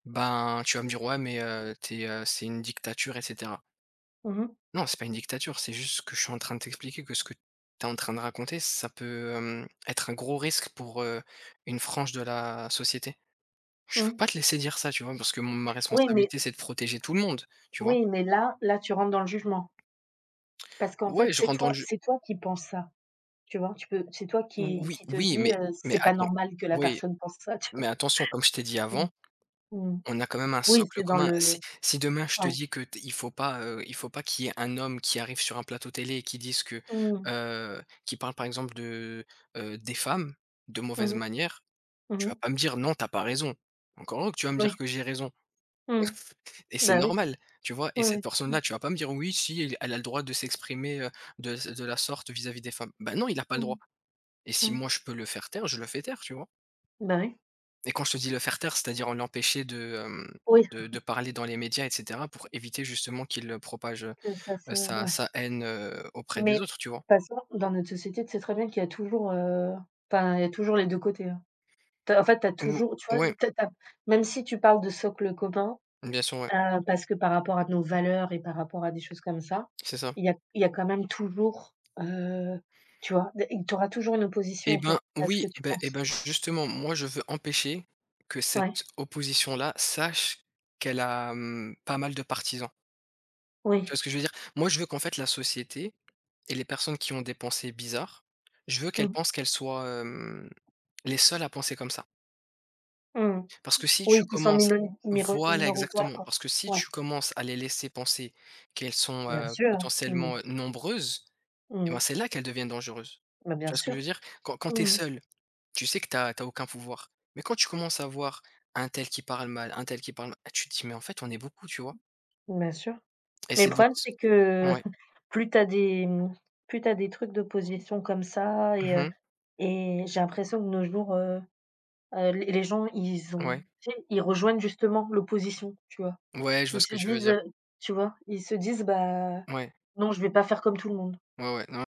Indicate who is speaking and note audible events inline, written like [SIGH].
Speaker 1: Ben, tu vas me dire: «Ouais mais heu, tu es, heu c'est une dictature et cetera.»
Speaker 2: Mmh mh.
Speaker 1: Non c'est pas une dictature, c'est juste que je suis en train de t'expliquer que ce que tu es en train de raconter, ça peut, hem, être un gros risque pour, heu, une frange de la société. Je peux
Speaker 2: Mmh.
Speaker 1: pas te laisser dire ça, tu vois? Parce que m ma
Speaker 2: Oui, mais
Speaker 1: responsabilité c'est de protéger tout le monde, tu vois?
Speaker 2: Oui, mais là là, tu rentres dans le jugement. Parce qu'en fait,
Speaker 1: Ouais je
Speaker 2: c'est
Speaker 1: rentre dans le
Speaker 2: toi
Speaker 1: jeu
Speaker 2: c'est toi qui penses ça, tu vois? Tu peux c'est toi
Speaker 1: Ou
Speaker 2: qui
Speaker 1: oui,
Speaker 2: qui te
Speaker 1: oui
Speaker 2: dis,
Speaker 1: mais
Speaker 2: heu:
Speaker 1: mais
Speaker 2: «C'est pas
Speaker 1: attends.
Speaker 2: normal que la
Speaker 1: Oui
Speaker 2: personne pense ça», tu vois?
Speaker 1: mais attention comme je t'ai dit
Speaker 2: Mmh.
Speaker 1: avant,
Speaker 2: Mmh mh.
Speaker 1: on a quand même un
Speaker 2: Oui,
Speaker 1: socle
Speaker 2: c'est dans
Speaker 1: commun. Si
Speaker 2: le
Speaker 1: si demain je te
Speaker 2: ouais.
Speaker 1: dis que t il faut pas, heu, il faut pas qu'il y ait un homme qui arrive sur un plateau télé et qui dise que,
Speaker 2: Mmh.
Speaker 1: heu qui parle par exemple de, heu, des femmes, de
Speaker 2: Mmh
Speaker 1: mauvaise
Speaker 2: mh.
Speaker 1: manière.
Speaker 2: Mmh
Speaker 1: Tu vas
Speaker 2: mh.
Speaker 1: pas me dire; «Non tu as pas raison» encore heureux que tu vas me dire
Speaker 2: Oui.
Speaker 1: que j'ai raison.
Speaker 2: Mmh.
Speaker 1: Et c'est
Speaker 2: Bah, oui.
Speaker 1: normal, tu vois? Et
Speaker 2: Ouais,
Speaker 1: cette
Speaker 2: ouais mmh.
Speaker 1: personne-là, tu vas pas me dire: «Oui, si elle a elle a le droit de s'exprimer, heu, de z de la sorte, vis-à-vis des femmes.» bah non il a pas le droit
Speaker 2: Mmh.
Speaker 1: et si
Speaker 2: Mmh.
Speaker 1: moi je peux le faire taire, je le fais taire, tu vois?
Speaker 2: Bah, oui.
Speaker 1: Et quand je te dis le faire taire, c'est-à-dire en l'empêcher de, hem,
Speaker 2: Oui!
Speaker 1: de de
Speaker 2: [CHUCKLES]
Speaker 1: parler dans les médias et cetera pour éviter justement qu'il, heu, propage, heu
Speaker 2: Que ça
Speaker 1: heu,
Speaker 2: ce
Speaker 1: sa
Speaker 2: ouais.
Speaker 1: sa haine, heu, auprès des
Speaker 2: Mais
Speaker 1: autres, tu vois!
Speaker 2: façon dans notre société, tu sais très bien qu'il y a toujours, heu, enfin il y a toujours les 2 côtés, hein. Tu as en fait, tu as
Speaker 1: Ou
Speaker 2: toujours, tu vois tu
Speaker 1: ouais.
Speaker 2: sais, tu as tu as, même si tu parles de socle commun,
Speaker 1: Bien sûr, ouais.
Speaker 2: heu, parce que par rapport à nos valeurs et par rapport à des choses comme ça.
Speaker 1: C'est ça.
Speaker 2: Il y a il y a quand même toujours, heu, tu vois, des et tu auras toujours une opposition
Speaker 1: Et
Speaker 2: en fait
Speaker 1: ben
Speaker 2: à ce
Speaker 1: oui!
Speaker 2: que tu
Speaker 1: Beh et
Speaker 2: penses.
Speaker 1: ben, ju justement moi je veux empêcher que
Speaker 2: Ouais.
Speaker 1: cette opposition-là sache qu'elle a, mmh, pas mal de partisans. Tu
Speaker 2: Oui.
Speaker 1: vois ce que je veux dire? Moi je veux qu'en fait la société et les personnes qui ont des pensées bizarres, je veux qu'elles
Speaker 2: Mmh.
Speaker 1: pensent qu'elles soient, hem, les seules à penser comme ça.
Speaker 2: Mmh mh.
Speaker 1: Parce que si tu
Speaker 2: Oui, qui sont
Speaker 1: commences
Speaker 2: minoni miro
Speaker 1: voilà
Speaker 2: minoritaires,
Speaker 1: exactement!
Speaker 2: quoi.
Speaker 1: Parce que si
Speaker 2: Ouais.
Speaker 1: tu commences à les laisser penser qu'elles sont,
Speaker 2: Bien
Speaker 1: heu,
Speaker 2: sûr, hein. Mmh mh.
Speaker 1: potentiellement, heu, nombreuses et bah,
Speaker 2: Mmh.
Speaker 1: c'est là qu'elles deviennent dangereuses.
Speaker 2: Bah,
Speaker 1: Tu
Speaker 2: bien
Speaker 1: vois ce que je
Speaker 2: sûr.
Speaker 1: veux dire? Quand quand tu es
Speaker 2: Mmh mh.
Speaker 1: seul, tu sais que tu as tu as aucun pouvoir mais quand tu commences à voir untel qui parle mal, untel qui parle mal, tu te dis: «Eh mais en fait, on est beaucoup», tu vois.
Speaker 2: Bien sûr.
Speaker 1: Et
Speaker 2: Mais le
Speaker 1: c'est donc
Speaker 2: problème,
Speaker 1: ce
Speaker 2: c'est que, heu,
Speaker 1: ouais.
Speaker 2: [CHUCKLES] plus tu as des, mmh, plus tu as des trucs d'opposition comme ça
Speaker 1: Mmh
Speaker 2: et heu
Speaker 1: mh.
Speaker 2: et j'ai l'impression de nos jours, heu heu, les les gens ils ont
Speaker 1: Ouais.
Speaker 2: tu sais, ils rejoignent justement l'opposition, tu vois?
Speaker 1: Ouais, je vois
Speaker 2: Ils
Speaker 1: ce
Speaker 2: se
Speaker 1: que tu veux
Speaker 2: disent,
Speaker 1: dire.
Speaker 2: heu tu vois ils se disent: «Bah,
Speaker 1: Ouais.
Speaker 2: non je vais pas faire comme tout le monde.»
Speaker 1: Ouais, ouais, non